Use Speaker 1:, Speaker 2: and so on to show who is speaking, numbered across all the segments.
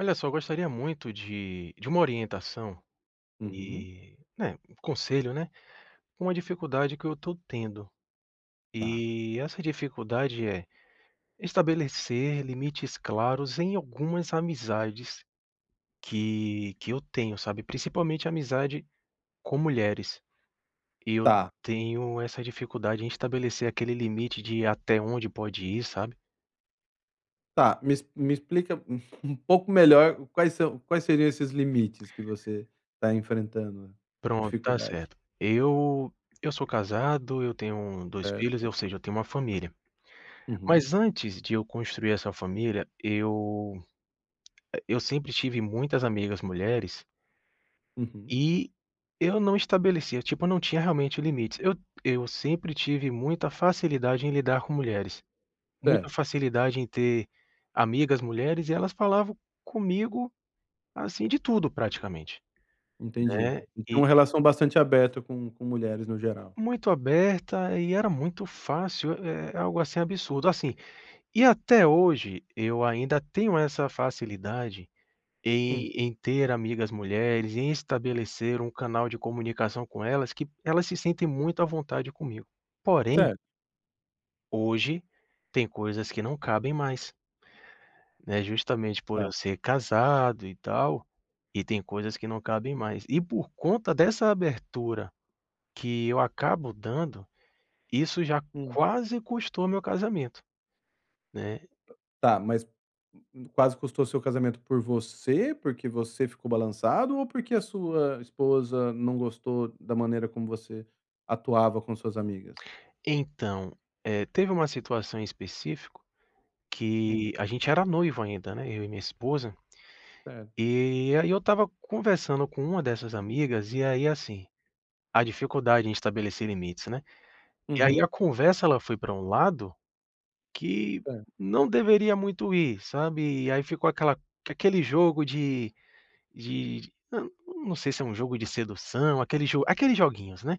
Speaker 1: Olha só, eu gostaria muito de de uma orientação
Speaker 2: Uhum.
Speaker 1: e, né, um conselho, né, com a dificuldade que eu estou tendo.
Speaker 2: Tá.
Speaker 1: E essa dificuldade é: estabelecer limites claros em algumas amizades que que eu tenho, sabe, principalmente amizade com mulheres. E eu
Speaker 2: Tá.
Speaker 1: tenho essa dificuldade em estabelecer aquele limite de até onde pode ir, sabe.
Speaker 2: Tá, me ex me explica um pouco melhor quais são quais seriam esses limites, que você está enfrentando
Speaker 1: Pronto, está
Speaker 2: dificuldade.
Speaker 1: certo. Eu eu sou casado, eu tenho 2 filhos,
Speaker 2: Certo.
Speaker 1: eu seja, eu tenho uma família.
Speaker 2: Uhum.
Speaker 1: Mas antes de eu construir essa família, eu e eu sempre tive muitas amigas mulheres
Speaker 2: Uhum.
Speaker 1: e eu não estabelecia, tipo, eu não tinha realmente limites, eu eu sempre tive muita facilidade em lidar com mulheres. Muita
Speaker 2: Certo.
Speaker 1: facilidade em ter amigas mulheres, e elas falavam comigo, assim, de tudo praticamente,
Speaker 2: Entendi.
Speaker 1: né.
Speaker 2: E tem
Speaker 1: E
Speaker 2: uma relação bastante aberta com com mulheres, no geral.
Speaker 1: Muito aberta e era muito fácil, eh, algo assim absurdo, assim, e até hoje, eu ainda tenho essa facilidade
Speaker 2: Hum.
Speaker 1: em em ter amigas mulheres, em estabelecer um canal de comunicação com elas, que p elas se sentem muito à vontade comigo. Porém
Speaker 2: Certo.
Speaker 1: hoje, tem coisas que não cabem mais. Né, justamente por eu
Speaker 2: Tá.
Speaker 1: ser casado e tal, e tem coisas que não cabem mais. E por conta dessa abertura, que eu acabo dando, isso já
Speaker 2: Hum.
Speaker 1: quase custou meu casamento, né.
Speaker 2: Tá, mas quase custou seu casamento por você, porque você ficou balançado, ou porque a sua esposa não gostou da maneira como você atuava com suas amigas?
Speaker 1: Então, eh, teve uma situação em específico
Speaker 2: Hum.
Speaker 1: que, a gente era noivo ainda, né, eu e minha esposa,
Speaker 2: Certo.
Speaker 1: e aí eu estava conversando com uma dessas amigas, e aí assim, a dificuldade em estabelecer limites, né. E aí a
Speaker 2: Uhum.
Speaker 1: conversa, ela foi pra um lado que
Speaker 2: Hã.
Speaker 1: não deveria muito ir, sabe, e aí ficou aquela aquele jogo de de d não, não sei se é um jogo de sedução, aquele jo aqueles joguinhos, né.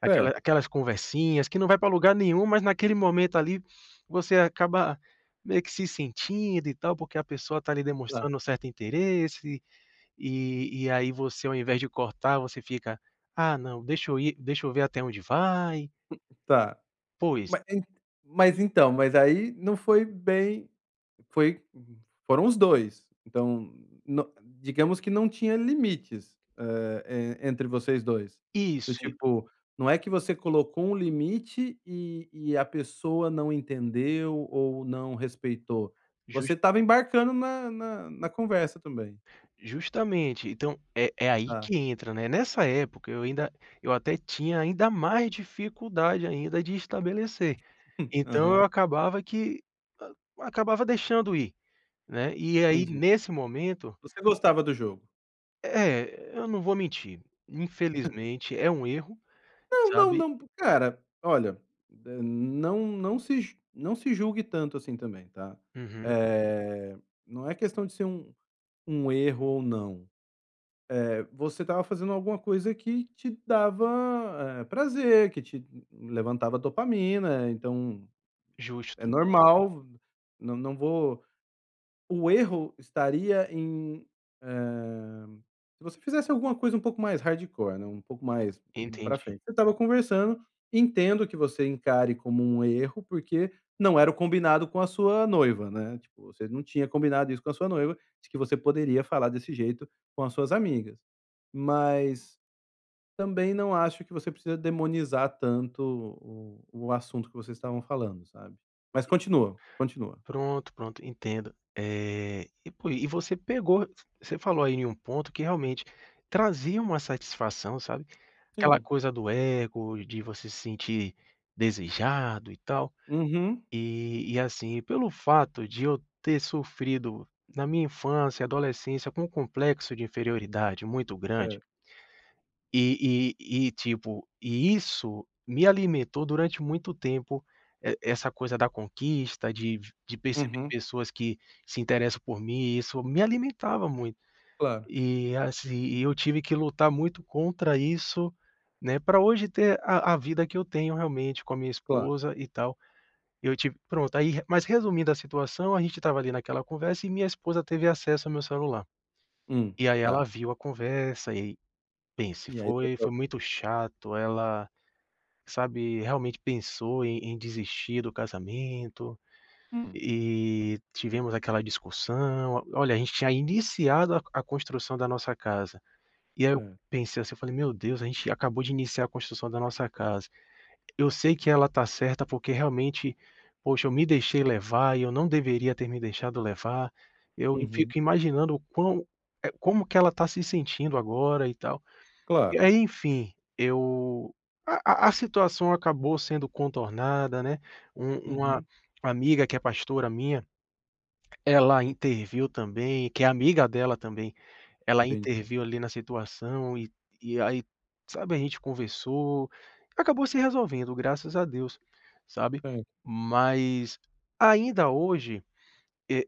Speaker 1: Aquela
Speaker 2: É.
Speaker 1: aquelas conversinhas, que não vai pra lugar nenhum, mas naquele momento, ali, você acaba meio que se sentindo, e tal, porque a pessoa está ali
Speaker 2: Tá.
Speaker 1: demonstrando certo interesse, e e aí você, ao invés de cortar, você fica: "Ah não, deixa eu ir deixa eu ver até onde vai".
Speaker 2: Tá.
Speaker 1: Pois.
Speaker 2: Ma en mas então, mas aí não foi bem foi foram os 2. Então, no digamos que não tinha limites, hã, eh, entre vocês 2. Do
Speaker 1: Isso, e
Speaker 2: tipo, não é que você colocou um limite, e e a pessoa não entendeu ou não respeitou,
Speaker 1: Jus
Speaker 2: você estava embarcando na na na conversa também.
Speaker 1: Justamente. Então, é é aí
Speaker 2: Tá.
Speaker 1: que entra, né. Nessa época, eu ainda eu até tinha ainda mais dificuldade ainda de estabelecer. Então
Speaker 2: Aham.
Speaker 1: eu acabava que, hã, acabava deixando ir, né. E aí,
Speaker 2: Entendi.
Speaker 1: nesse momento
Speaker 2: Você gostava do jogo.
Speaker 1: É é, eu não vou mentir, infelizmente é um erro,
Speaker 2: Não, não,
Speaker 1: sabe.
Speaker 2: não p cara, olha, eh, não não se ju não se julgue tanto assim também, tá.
Speaker 1: Uhum.
Speaker 2: Eh, não é questão de ser um um erro ou não. Eh, você estava fazendo alguma coisa que te dava, eh, prazer, que te levantava dopamina. Então, é
Speaker 1: Justo.
Speaker 2: normal v não não vou o erro estaria em, hã, se você fizesse alguma coisa um pouco mais hardcore, né, um pouco mais u pra
Speaker 1: Entendi.
Speaker 2: frente. Você estava conversando, entendo que você encare como um erro, porque não era o combinado com a sua noiva, né, tipo, você não tinha combinado isso com a sua noiva, de que você poderia falar desse jeito com as suas amigas. Mas, também não acho que você precisa demonizar tanto o o assunto que vocês estavam falando, sabe. Mas continua, continua.
Speaker 1: Pronto, pronto, entendo. Eh, e por i e você pegou você falou aí em ponto, que realmente, trazia uma satisfação, sabe. Aquela
Speaker 2: Sim.
Speaker 1: coisa do ego, de você se sentir desejado, e tal.
Speaker 2: Uhum.
Speaker 1: E e assim, e pelo fato de eu ter sofrido, na minha infância, adolescência, com um complexo de inferioridade muito grande
Speaker 2: Certo.
Speaker 1: e e e tipo, e isso me alimentou durante muito tempo, e essa coisa da conquista, de v de perceber
Speaker 2: Uhum.
Speaker 1: pessoas que se interessam por mim, isso me alimentava muito.
Speaker 2: Claro.
Speaker 1: E assim, e eu tive que lutar muito contra isso, né, pra hoje ter a a vida que eu tenho, realmente, com a minha
Speaker 2: Claro.
Speaker 1: esposa, e tal. Eu tive pronto, aí re mas resumindo a situação, a gente estava ali naquela conversa, e minha esposa teve acesso ao meu celular.
Speaker 2: Hum.
Speaker 1: E aí ela
Speaker 2: Tá.
Speaker 1: viu a conversa e pense,
Speaker 2: E aí
Speaker 1: foi foi
Speaker 2: [unintelligible]
Speaker 1: muito chato, ela, sabe, realmente pensou em em desistir do casamento,
Speaker 2: Hum.
Speaker 1: e e tivemos aquela discussão. O olha, a gente tinha iniciado a a construção da nossa casa. E aí eu
Speaker 2: Hã.
Speaker 1: pensei assim, eu falei: "Meu Deus a gente acabou de iniciar a construção da nossa casa. Eu sei que ela está certa, porque realmente, poxa, eu me deixei levar, e eu não deveria ter me deixado levar. Eu e
Speaker 2: Uhum.
Speaker 1: fico imaginando o quão eh, como que ela está se sentindo agora, e tal". E
Speaker 2: Claro.
Speaker 1: aí, enfim, eu a a a situação acabou sendo contornada, né. Um uma
Speaker 2: Uhum.
Speaker 1: amiga, que é pastora, minha, ela interviu também que é amiga dela também, ela
Speaker 2: Entendi.
Speaker 1: interviu, ali, na situação, e e aí, sabe, a gente conversou. Acabou se resolvendo graças a Deus, sabe.
Speaker 2: Ai.
Speaker 1: Mas, ainda hoje, eh,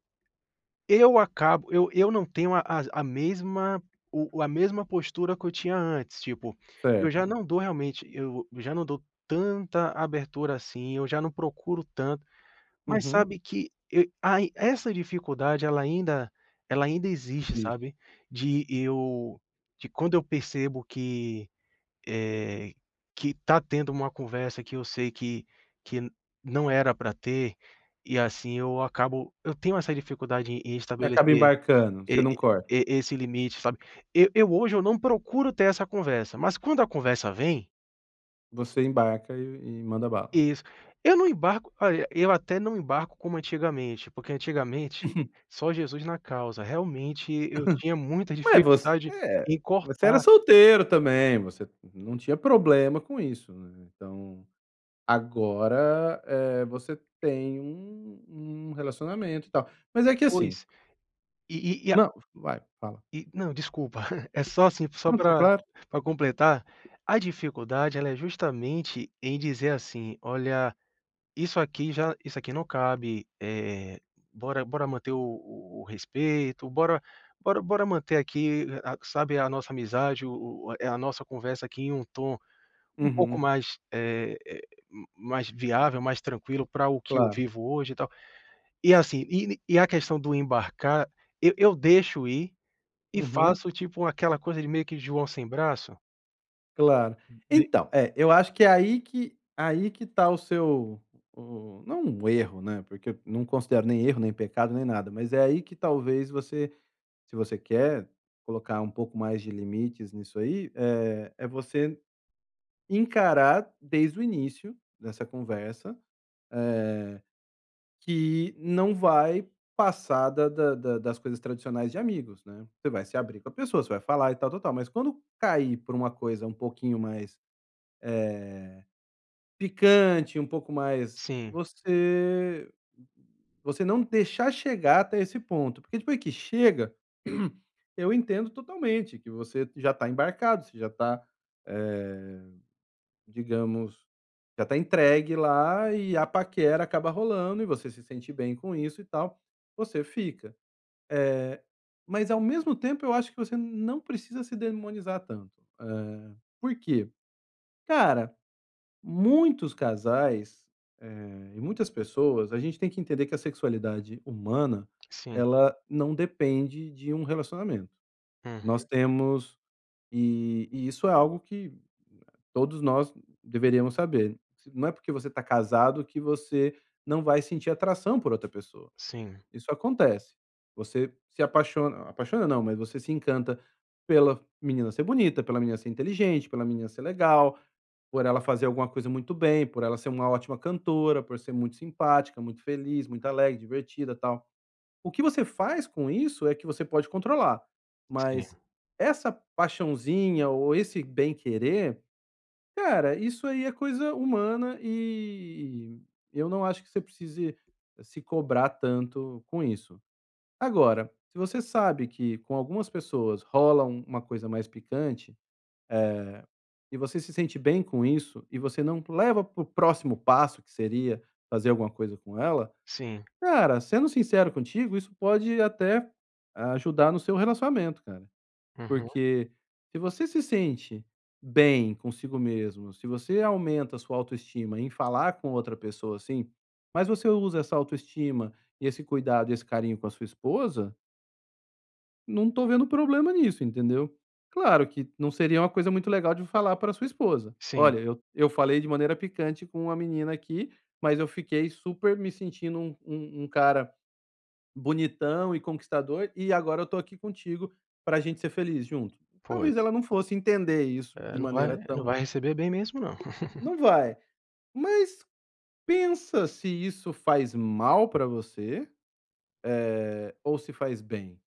Speaker 1: eu acabo eu eu não tenho a as a mesma o a mesma postura que eu tinha antes, tipo, eu já
Speaker 2: Certo.
Speaker 1: não dou realmente eu já não dou tanta abertura assim, eu já não procuro tanto. Mas
Speaker 2: Uhum.
Speaker 1: sabe que, e ai essa dificuldade, ela ainda ela ainda existe,
Speaker 2: [unintelligible]
Speaker 1: sabe. De eu de quando eu percebo que, eh, que está tendo uma conversa que eu sei que que não era pra ter, e assim, eu acabo eu tenho essa dificuldade em em
Speaker 2: Você acaba
Speaker 1: estabelecer
Speaker 2: embarcando, você
Speaker 1: e
Speaker 2: não corta.
Speaker 1: e esse limite, sabe. Eu eu hoje eu não procuro ter essa conversa, mas quando a conversa vem
Speaker 2: Você embarca e e manda bala.
Speaker 1: Isso. Eu não embarco olha, eu até não embarco como antigamente, porque, antigamente, só Jesus na causa, realmente eu tinha muita
Speaker 2: Ué, você
Speaker 1: dificuldade
Speaker 2: é
Speaker 1: em
Speaker 2: você era
Speaker 1: cortar
Speaker 2: solteiro também, você não não tinha problema com isso, né, então agora, eh, você tem um um relacionamento e tal, mas é que assim
Speaker 1: Pois, e e a
Speaker 2: Não. Vai, fala.
Speaker 1: e, não, desculpa é só, assim, só
Speaker 2: Não, tá
Speaker 1: pra
Speaker 2: claro.
Speaker 1: pra completar, a dificuldade ela é justamente em dizer assim: "Olha, isso aqui já isso aqui não cabe, eh, bora, bora manter o o respeito, bora, bora, bora manter aqui a sabe, a nossa amizade o o eh, a nossa conversa aqui em um tom, um pouco
Speaker 2: Uhum.
Speaker 1: mais, eh eh, mais viável, mais tranquilo pra o que eu
Speaker 2: Claro.
Speaker 1: vivo hoje e tal, e, assim, e e a questão do embarcar, eu eu deixo ir, e
Speaker 2: Uhum.
Speaker 1: faço tipo aquela coisa de meio que de "joão sem braço"?
Speaker 2: Claro.
Speaker 1: De
Speaker 2: Então é eu acho que é aí que aí que ta o seu o o não o erro, né, porque eu não considero nem erro, nem pecado, nem nada, mas é aí que talvez você se você quer colocar um pouco mais de limites nisso aí, eh, é você encarar desde o início dessa conversa, eh que não vai passar da da da das coisas tradicionais de amigos, né, você vai se abrir com a pessoa você vai falar e tal-tal-tal, mas quando cair por uma coisa um pouquinho mais, eh, picante um pouco mais
Speaker 1: Sim.
Speaker 2: você você não deixar chegar até esse ponto porque depois que chega, eu entendo totalmente que você já tá embarcado, você já tá, eh, digamos, já tá entregue lá e a paquera acaba rolando e você se sente bem com isso e tal, você fica. Eh, mas ao mesmo tempo, eu acho que você não precisa se demonizar tanto, eh, por quê? Cara, muitos casais, eh, e muitas pessoas a gente tem que entender que a sexualidade humana
Speaker 1: Sim.
Speaker 2: ela não depende de um relacionamento, nós
Speaker 1: Uhum.
Speaker 2: temos e e isso é algo que todos nós deveríamos saber, não é porque você tá casado que você não vai sentir atração por outra pessoa,
Speaker 1: Sim.
Speaker 2: isso acontece, você se apaixon apaixona, não, mas você se encanta pela menina ser bonita, pela menina ser inteligente, pela menina ser legal, por ela fazer alguma coisa muito bem, por ela ser uma ótima cantora, por ser muito simpática, muito feliz, muito alegre, divertida, tal, o que você faz com isso é que você pode controlar,
Speaker 1: Sim.
Speaker 2: mas essa paixãozinha ou esse bem querer, cara, isso aí é coisa humana e eu não acho que você precise se cobrar tanto com isso. Agora, se você sabe que com algumas pessoas rola uma coisa mais picante, eh, e você se sente bem com isso, e você não leva para o próximo passo que seria fazer alguma coisa com ela,
Speaker 1: Sim.
Speaker 2: cara, sendo sincero contigo isso pode até ajudar no seu relacionamento, cara,
Speaker 1: Uhum.
Speaker 2: porque se você se sente bem consigo mesmo se você aumenta a sua autoestima em falar com outra pessoa, assim, mas você usa essa autoestima e esse cuidado e esse carinho com a sua esposa não tô vendo problema nisso, entendeu? Claro que não seria uma coisa muito legal de falar para a sua esposa:
Speaker 1: Sim.
Speaker 2: "olha, eu. eu falei de maneira picante com uma menina aqui, mas eu fiquei super me sentindo um um cara bonitão e conquistador e agora eu estou aqui contigo pra gente ser feliz junto", talvez
Speaker 1: Pois.
Speaker 2: ela não fosse entender isso
Speaker 1: Eh,
Speaker 2: de
Speaker 1: não vai
Speaker 2: maneira
Speaker 1: não
Speaker 2: tão
Speaker 1: vai receber bem mesmo não.
Speaker 2: não vai. Mas pensa se isso faz mal pra você, eh, ou se faz bem?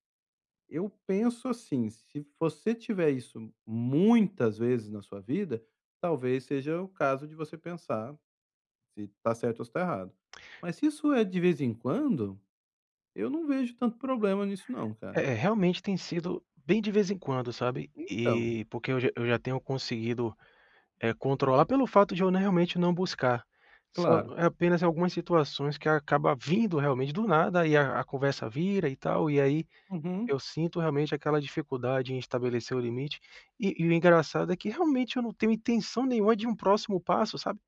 Speaker 2: Eu penso assim, se você tiver isso muitas vezes na sua vida, talvez seja o caso de você pensar, se tá certo ou se tá errado, mas se isso é de vez em quando, eu não vejo tanto problema nisso não
Speaker 1: É
Speaker 2: cara.
Speaker 1: é, realmente tem sido bem de vez em quando, sabe,
Speaker 2: Então.
Speaker 1: e porque eu já eu já tenho conseguido, eh, controlar pelo fato de eu n realmente não buscar, só
Speaker 2: Claro.
Speaker 1: é apenas em algumas situações que acaba vindo realmente, do nada, e a aconversa vira e tal, e aí,
Speaker 2: Uhum.
Speaker 1: eu sinto realmente aquela dificuldade em estabelecer o limite, e e o engraçado é que, realmente, eu não tenho intenção nenhuma de um próximo passo, sabe?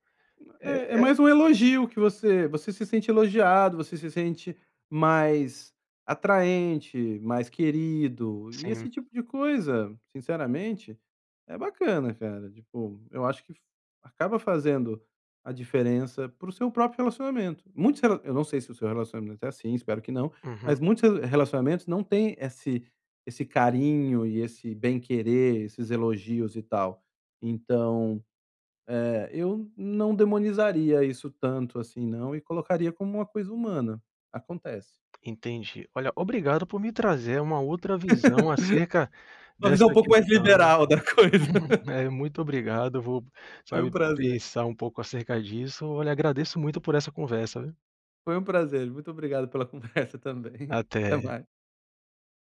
Speaker 2: É, é
Speaker 1: É é
Speaker 2: mais um elogio que você você se sente elogiado, você se sente mais atraente, mais querido e
Speaker 1: Sim.
Speaker 2: esse tipo de coisa sinceramente é bacana, cara, tipo, eu acho que acaba fazendo a diferença para o seu próprio relacionamento. Muitos rela eu não sei se o seu relacionamento é assim, espero que não,
Speaker 1: Uhum.
Speaker 2: mas muitos re relacionamentos não têm esse esse carinho e esse bem querer, esses elogios e tal, então, eh, eu não demonizaria isso tanto assim não e colocaria como uma coisa humana, acontece.
Speaker 1: Entendi. Olha, obrigado por me trazer uma outra visão acerca
Speaker 2: Uma visão um
Speaker 1: dessa
Speaker 2: pouco mais
Speaker 1: questão.
Speaker 2: liberal da coisa.
Speaker 1: Eh, muito obrigado, vou,
Speaker 2: Foi um
Speaker 1: sabe,
Speaker 2: prazer.
Speaker 1: pensar um pouco acerca disso. Olha agradeço muito por essa conversa, viu.
Speaker 2: Foi um prazer. Muito obrigado pela conversa também, até
Speaker 1: Até.
Speaker 2: mais.